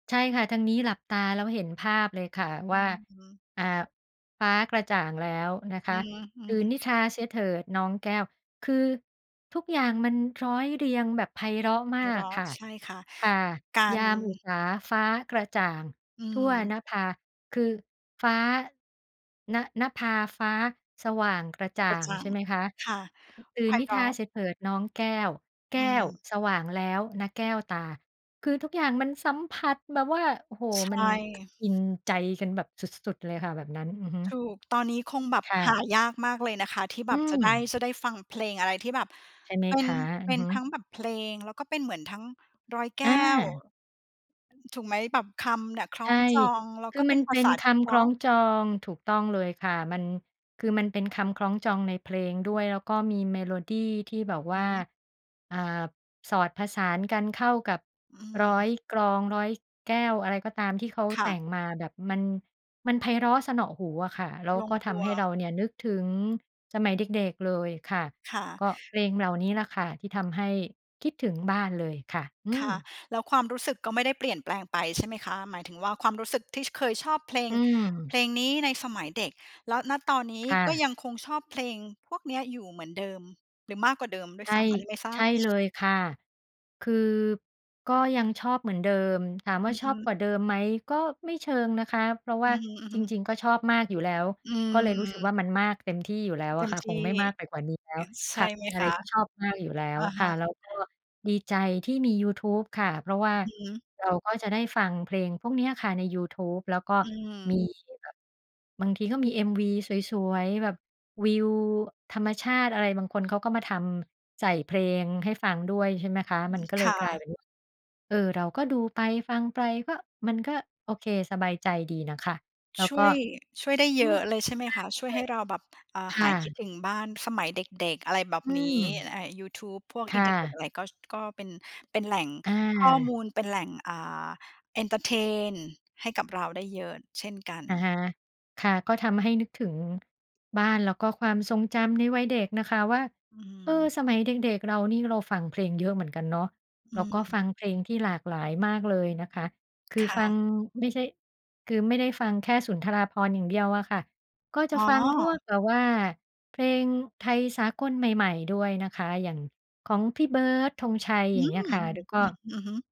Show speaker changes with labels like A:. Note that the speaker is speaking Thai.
A: ใช่ค่ะ ทางนี้หลับตาแล้วเห็นภาพเลยค่ะ
B: อื
A: ว่า
B: อฮึ
A: อ่า ฟ้ากระจ่างแล้วนะค
B: อื
A: ะ
B: อฮึ
A: ตื่น
B: ๆ
A: นิทราเสียเถิดน้องแก้ว คือทุกอย่างมันร้อยเรียงแบบไพเราะม
B: ไพ
A: า
B: เร
A: ก
B: าะ
A: ค่ะ
B: ใช่ค่ะ
A: ค่ะ
B: กา
A: ยา
B: ร
A: มอุสาฟ้ากระจ่าง
B: อื
A: ทั่ว
B: ม
A: นภา คือฟ้า น นภาฟ้าสว่างกระจ่า
B: กระ
A: ง
B: จ่า
A: ใช
B: ง
A: ่ไหมคะ
B: ค่ะ
A: ตื่
B: ไพ
A: นนิ
B: เร
A: ทรา
B: าะ
A: เสียเถิดน้องแก้ว แก
B: อื
A: ้ว
B: ม
A: สว่างแล้วนะแก้วตา คือทุกอย่างมันสัมผัสแบบว่า โอ้โฮ
B: ใช
A: มัน
B: ่
A: อินใจกันแบบสุด ๆ เลยค่ะแบบนั้น อือฮ
B: ถ
A: ึ
B: ูก ตอนนี้คงแบบ
A: ค่
B: ห
A: ะ
B: ายากมากเลยนะคะ ที่แ
A: อื
B: บบจะได้
A: อ
B: จะได้ฟังเพลงอะไรที่แบบ
A: ใช่ไหม
B: เป็
A: ค
B: น
A: ะ? อื
B: เป
A: อ
B: ็น
A: ฮึ
B: ทั้งแบบเพลง แล้วก็เป็นเหมือนทั้งร้อยแก
A: อ
B: ้ว
A: า
B: อือ ถูกไหม แบบคำเนี่ยคล้
A: ใช
B: อง
A: ่
B: จอง แล้ว
A: คื
B: ก็
A: อ
B: เป
A: มั
B: ็
A: น
B: นภ
A: เป
B: า
A: ็
B: ษ
A: น
B: าท
A: ค
B: ี่เพ
A: ำค
B: ร
A: ล
B: า
A: ้อ
B: ะ
A: งจอง ถูกต้องเลยค่ะ มัน คือมันเป็นคำคล้องจองในเพลงด้วย แล้วก็มีเมโลดีที่บอกว
B: อื
A: ่า
B: ม
A: อ่า สอดผสานกันเข้ากับ
B: อื
A: ร้อย
B: ม
A: กรองร้อยแก้ว อะไรก็ตามที่เขา
B: ค่
A: แต
B: ะ
A: ่งมาแบบมัน มันไพเราะเสนาะหูอะค่ะ แล้ว
B: ลง
A: ก็ท
B: ตั
A: ำ
B: ว
A: ให้เราเนี่ยนึกถึงสมัยเด็ก ๆ เลยค่ะ
B: ค่
A: ก
B: ะ
A: ็เพลงเหล่านี้แหละค่ะ ที่ทำให้คิดถึงบ้านเลยค่ะ อื
B: ค่ะ
A: ม
B: แล้วความรู้สึกก็ไม่ได้เปลี่ยนแปลงไปใช่ไหมคะ? หมายถึงว่า ความรู้สึกที่เคยชอบเพล
A: อ
B: ง
A: ื
B: เพ
A: ม
B: ลงนี้ในสมัยเด็ก แล้ว ณ ตอนนี้
A: ค่
B: ก็
A: ะ
B: ยังคงชอบเพลงพวกนี้อยู่เหมือนเดิม หรือมากกว่าเดิมด้
A: ใ
B: วย
A: ช
B: ซ
A: ่
B: ้ำ อันนี้ไม่ทร
A: ใช
B: า
A: ่
B: บ?
A: เลยค่ะ คือก็ยังชอบเหมือนเดิม ถามว
B: อ
A: ่
B: ื
A: า
B: อ
A: ช
B: ฮ
A: อบ
B: ึ
A: กว่าเดิมไหม ก็ไม่เชิงนะคะ เพราะว
B: อ
A: ่
B: ื
A: า
B: อ
A: จ
B: ฮึ ๆ
A: ริง ๆ ก็ชอบมากอยู่แล้ว
B: อื
A: ก็เลยรู้สึกว่
B: ม
A: า มันมากเต็มที่อยู่แล้ว
B: เต
A: อ
B: ็
A: ะ
B: ม
A: ค่ะ
B: ท
A: คง
B: ี่
A: ไม่มากไปกว่านี้แล้
B: ง
A: ว
B: ั้นใช
A: ค
B: ่
A: ่ะ เ
B: ไหม
A: ป็นอะ
B: ค
A: ไร
B: ะ?
A: ที่ชอบมากอยู่แล้
B: อ
A: ว
B: ะฮ
A: ค่ะ
B: ะ
A: แล้วก็ดีใจที่มียูทูบค่ะ เพราะว่า
B: อือฮึ
A: เราก็จะได้ฟังเพลงพวกเนี้ยค่ะในยูทูบ แล้วก็
B: อื
A: มี
B: ม
A: แบบ บางทีก็มี MV สวย ๆ แบบวิวธรรมชาติอะไร บางคนเขาก็มาทำใส่เพลงให้ฟังด้วย ใช่ไหมคะ
B: อื
A: มัน
B: ม
A: ก็เ
B: ค
A: ลย
B: ่
A: กลายเ
B: ะ
A: ป็น เออ เราก็ดูไปฟังไป ก็มันก็โอเคสบายใจดีนะคะ แล้ว
B: ช่
A: ก็
B: วย ช่วยได้
A: อ
B: เ
A: ื
B: ยอ
A: ม
B: ะเลยใช่ไหม
A: ม
B: ค
A: าก
B: ะ?
A: เล
B: ช่วยให้เราแบบ อ่า
A: ย ค
B: ห
A: ่
B: ายคิด
A: ะ
B: ถึงบ้านสมัยเด็ก ๆ อะไรแบบ
A: อื
B: นี้
A: อ
B: ไอยูทูบ พวก
A: ค
B: อิ
A: ่
B: นเทอร์เน็ต
A: ะ
B: อะไร ก็ ก็เป็น เป็นแหล่ง
A: อ
B: ข้อม
A: า
B: ูล เป็นแหล่ง อ่า เอนเทอร์เทนให้กับเราได้เยอะเช่นกั
A: อะ
B: น
A: ฮะ ค่ะ ก็ทำให้นึกถึงบ้าน แล้วก็ความทรงจำในวัยเด็กนะคะว่า
B: อื
A: เออ
B: ม
A: สมัยเด็ก ๆ เรานี่เราฟังเพลงเยอะเหมือนกันเนาะ แ
B: อ
A: ล
B: ื
A: ้วก็
B: ม
A: ฟังเพลงที่หลากหลายมากเลยนะคะ คือ
B: ค่
A: ฟัง
B: ะ
A: ไม่ใช่ คือไม่ได้ฟังแค่สุนทราภรณ์อย่างเดียวอะค่ะ ก็จ
B: อ
A: ะ
B: ๋
A: ฟังพวก
B: อ
A: แบบว่าเพลงไทยสากลใหม่ ๆ ด้วยนะคะ อย่างของพี่เบิร์ด ธงไชย
B: อ
A: อ
B: ื
A: ย่างเงี้
B: อ!
A: ยค่ะ ดูก
B: อ
A: ็
B: ืม อือฮึ